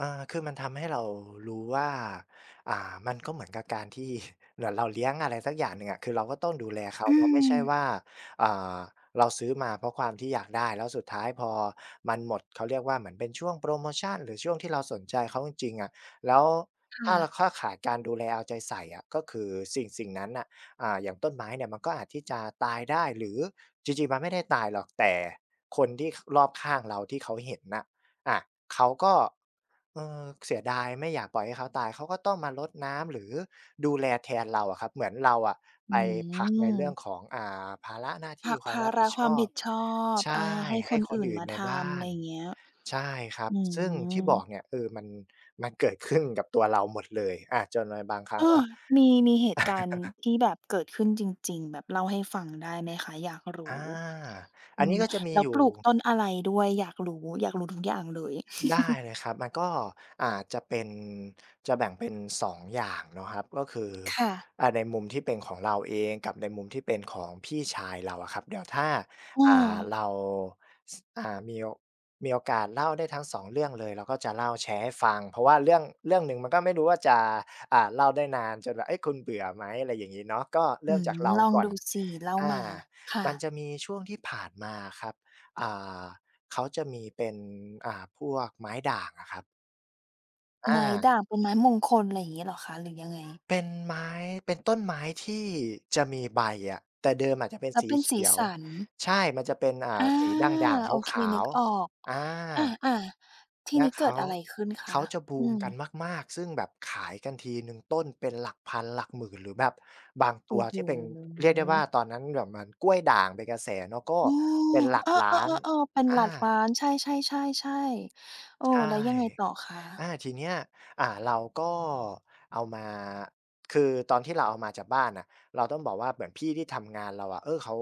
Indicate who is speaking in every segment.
Speaker 1: อา คือมันทำให้เรารู้ว่า อ่า มันก็เหมือนกับการที่ เหมือนเราเลี้ยงอะไรสักอย่างหนึ่งอะ คือเราก็ต้องดูแลเขา
Speaker 2: อื
Speaker 1: เนาะ ไม่ใช่
Speaker 2: ม
Speaker 1: ว่า อ่า เราซื้อมา เพราะความที่อยากได้ แล้วสุดท้ายพอมันหมด เขาเรียกว่าเหมือนเป็นช่วงโพรโมชัน หรือช่วงที่เราสนใจเขาจริง ๆ อะ แล้ว
Speaker 2: ค
Speaker 1: ถ้
Speaker 2: ่
Speaker 1: าเรา
Speaker 2: ะ
Speaker 1: เข้าข่ายการดูแลเอาใจใส่อะ ก็คือสิ่ง สิ่งนั้นน่ะ อ่า อย่างต้นไม้เนี่ย มันก็อาจที่จะตายได้ หรือจริง ๆ มันไม่ได้ตายหรอก แต่คนที่ ข รอบข้างเราที่เขาเห็นน่ะ อะ เขาก็ เอ่อ เสียดาย ไม่อยากปล่อยให้เขาตาย เขาก็ต้องมารดน้ำ หรือดูแลแทนเราอะครับ เหมือนเราอะ
Speaker 2: อ
Speaker 1: ไ
Speaker 2: ื
Speaker 1: ปผลักในเรื่อง
Speaker 2: ม
Speaker 1: ของ อ่า ภาระหน้าท
Speaker 2: ผ
Speaker 1: ี่
Speaker 2: ลัก
Speaker 1: คว
Speaker 2: ภ
Speaker 1: าม
Speaker 2: า
Speaker 1: รับ
Speaker 2: ร
Speaker 1: ผิ
Speaker 2: ะ
Speaker 1: ด
Speaker 2: ค
Speaker 1: ช
Speaker 2: วาม
Speaker 1: อ
Speaker 2: ผ
Speaker 1: บ
Speaker 2: ิดชอบ
Speaker 1: ใช
Speaker 2: อ
Speaker 1: ่
Speaker 2: า ให้
Speaker 1: ให
Speaker 2: ค
Speaker 1: ้
Speaker 2: น
Speaker 1: ค
Speaker 2: อ
Speaker 1: น
Speaker 2: ื่น
Speaker 1: อื่
Speaker 2: ม
Speaker 1: น
Speaker 2: า
Speaker 1: ใน
Speaker 2: ท
Speaker 1: บ้า
Speaker 2: ำ ไร
Speaker 1: น
Speaker 2: เงี้ย
Speaker 1: ใช่ครับ
Speaker 2: อื
Speaker 1: ซึ่งที่
Speaker 2: ม
Speaker 1: บอกเนี่ย เออ มัน มันเกิดขึ้นกับตัวเราหมดเลย อา จนในบางครั้
Speaker 2: อ้
Speaker 1: ง
Speaker 2: อ
Speaker 1: อะ
Speaker 2: มี มีเหตุการณ์ที่แบบเกิดขึ้นจริง ๆ แบบเล่าให้ฟังได้ไหมคะ? อยากร
Speaker 1: อ
Speaker 2: ู
Speaker 1: า
Speaker 2: ้
Speaker 1: อ
Speaker 2: อื
Speaker 1: ันนี
Speaker 2: ม
Speaker 1: ้ก็จะมี
Speaker 2: แล้
Speaker 1: อ
Speaker 2: ว
Speaker 1: ยู่
Speaker 2: ปลูกต้นอะไรด้วย? อยากรู้ อยากรู้ทุกอย่างเลย
Speaker 1: ได้เลยครับ มันก็ อ่า จะเป็น จะแบ่งเป็น 2 อย่างเนาะครับ ก็คือ
Speaker 2: ค่ะ
Speaker 1: อ่า ในมุมที่เป็นของเราเองกับในมุมที่เป็นของพี่ชายเราอะครับ เดี๋ยวถ้า
Speaker 2: อ้
Speaker 1: อ่า
Speaker 2: อ
Speaker 1: เรา ส อ่า มีโอ มีโอกาสเล่าได้ทั้ง 2 เรื่องเลย เราก็จะเล่าแชร์ให้ฟัง เพราะว่าเรื่อง เรื่องหนึ่งมันก็ไม่รู้ว่าจะ อ่า เล่าได้นานจนแบบ เอ๊ย คุณเบื่อไหม อะไรอย่างงี้เนาะ ก็เร
Speaker 2: อื
Speaker 1: ิ่ม
Speaker 2: ม
Speaker 1: จากเรา
Speaker 2: ลอง
Speaker 1: ก่อ
Speaker 2: ด
Speaker 1: น
Speaker 2: ูสิ เล่า
Speaker 1: อา
Speaker 2: มา ค่
Speaker 1: มัน
Speaker 2: ะ
Speaker 1: จะมีช่วงที่ผ่านมาอะครับ อ่า เขาจะมีเป็น อ่า พวกไม้ด่างอะครับ อ
Speaker 2: ไม้
Speaker 1: า
Speaker 2: ด่างเป็นไม้มงคล ไรเงี้ยเหรอคะ หรือยังไง?
Speaker 1: เป็นไม้ เป็นต้นไม้ที่จะมีใบอะ แต่เดิมอาจจะเป็น
Speaker 2: และ
Speaker 1: สี
Speaker 2: เป็น
Speaker 1: เข
Speaker 2: สี
Speaker 1: ียว
Speaker 2: สัน
Speaker 1: ใช่ มันจะเป็น อ่
Speaker 2: อ
Speaker 1: า
Speaker 2: า
Speaker 1: สีด่าง ๆ
Speaker 2: โอเค
Speaker 1: ขา
Speaker 2: นึ
Speaker 1: ว
Speaker 2: กออก
Speaker 1: ๆ อา
Speaker 2: อา ๆ ที
Speaker 1: แ
Speaker 2: ่
Speaker 1: ละ
Speaker 2: นี้
Speaker 1: เ
Speaker 2: เ
Speaker 1: ข
Speaker 2: กิ
Speaker 1: า
Speaker 2: ดอะไรขึ้นค
Speaker 1: เข
Speaker 2: ะ?
Speaker 1: าจะบ
Speaker 2: อ
Speaker 1: ู
Speaker 2: ื
Speaker 1: มกัน
Speaker 2: ม
Speaker 1: มาก ๆ ซึ่งแบบขายกันทีหนึ่งต้นเป็นหลักพันหลักหมื่น หรือแบบบาง
Speaker 2: โ
Speaker 1: ต
Speaker 2: อ
Speaker 1: ั
Speaker 2: ้
Speaker 1: ว
Speaker 2: โฮ
Speaker 1: ที่เป็น เรียกได้ว่าตอนนั้นแบบเหมือนกล้วยด่างเป็นกระแสเนาะ ก็
Speaker 2: อื
Speaker 1: เป
Speaker 2: ม
Speaker 1: ็นหลั
Speaker 2: เ
Speaker 1: ก
Speaker 2: ออ
Speaker 1: ล้าน
Speaker 2: ๆ ๆ ๆ เป็น
Speaker 1: อ
Speaker 2: หล
Speaker 1: า
Speaker 2: ักล้าน ใช่ ๆ ๆ ๆ เออ
Speaker 1: ใช
Speaker 2: แ
Speaker 1: ่
Speaker 2: ล้วยังไงต่อค
Speaker 1: อ
Speaker 2: ะ?
Speaker 1: า ทีเนี้ย อ่า เราก็เอามา คือตอนที่เราเอามาจากบ้านน่ะ เราต้องบอกว่าเหมือนพี่ที่ทำงานเราอะ เออ เขา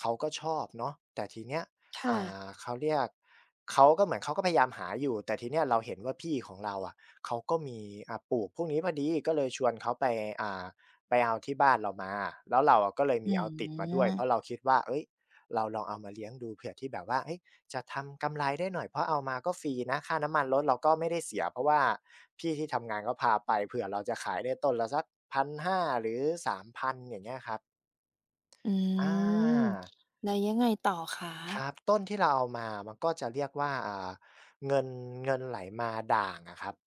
Speaker 1: เขาก็ชอบเนาะ แต่ทีเนี้ย
Speaker 2: ค่
Speaker 1: อ่
Speaker 2: ะ
Speaker 1: า เขาเรียก เขาก็เหมือนเขาก็พยายามหาอยู่ แต่ทีเนี้ยเราเห็นว่าพี่ของเราอะ เขาก็มี อ่า ปลูกพวกนี้พอดี ก็เลยชวนเขาไป อ่า ไปเอาที่บ้านเรามา แล้วเราอะก็เลย
Speaker 2: อ
Speaker 1: ม
Speaker 2: ื
Speaker 1: ีเอาติดมาด้วย เพรา
Speaker 2: ม
Speaker 1: ะเราคิดว่า เอ๊ย เราลองเอามาเลี้ยงดูเผื่อที่แบบว่า เฮ้ย จะทำกำไรได้หน่อย เพราะเอามาก็ฟรีนะ ค่าน้ำมันรถเราก็ไม่ได้เสีย เพราะว่าพี่ที่ทำงานพาไป เผื่อเราจะขายได้ต้นละสัก 1,500 หรือ 3,000 อย่างเงี้ยครับ
Speaker 2: อื
Speaker 1: อ
Speaker 2: ม
Speaker 1: า
Speaker 2: แล้วยังไงต่อคะ?
Speaker 1: ครับ ต้นที่เราเอามามันก็จะเรียกว่า อ่า เงิน เงินไหลมาด่างอะครับ